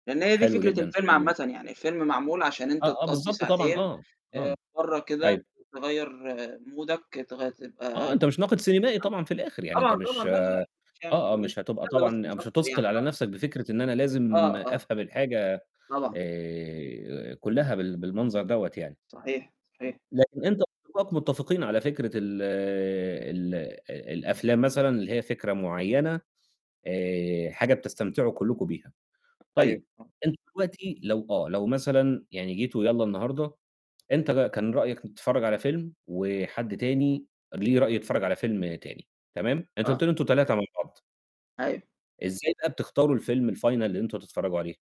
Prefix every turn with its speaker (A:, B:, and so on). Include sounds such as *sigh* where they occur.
A: لأن هي دي
B: حلو
A: فكرة
B: جدًا،
A: الفيلم
B: حلو.
A: عامةً، يعني الفيلم معمول عشان أنت
B: آه، آه،
A: تقضّي
B: بالضبط طبعًا،
A: ساعتين
B: آه،
A: آآ
B: آه،
A: برّا كده ت
B: أيوه.
A: تغيّر مودك تغيّر
B: آه،
A: تبقى
B: أنت مش ناقد سينيمائي
A: *unintelligible*
B: طبعًا في الآخر يعني، أنت
A: طبعًا، طبعًا،
B: مش
A: لأ، لأ،
B: آه،
A: لأ، *unintelligible*
B: آه، مش هتبقى
A: نتسلى بس
B: طبعًا
A: مش
B: مش
A: أكتر
B: هتُثقل
A: يعني،
B: على
A: آه.
B: نفسك بفكرة إن أنا لازم
A: آه، آه.
B: أفهم الحاجة
A: طبعًا.
B: آآ كلّها بال بالمنظر دوّة يعني.
A: صحيح، صحيح.
B: لكن أنت *unintelligible* متفقين على فكرة ال ال الأفلام مثلًا اللي هي فكرة معيّنة، آآ حاجة بتستمتعوا كلّكم بيها،
A: أيوه.
B: طيب
A: آه.
B: أنتم دلوقتي لو آه، لو مثلًا يعني جيتوا يالّا النهارده أنت ك كان رأيك تتفرج على فيلم، وحد تاني ليه رأي يتفرج على فيلم تاني، تمام؟ أنت
A: آه.
B: قُلت لي أنتم 3 مع بعض.
A: أيوه.
B: إزاي بقى بتختاروا الفيلم الfinal اللي أنتم هتتفرجوا عليه؟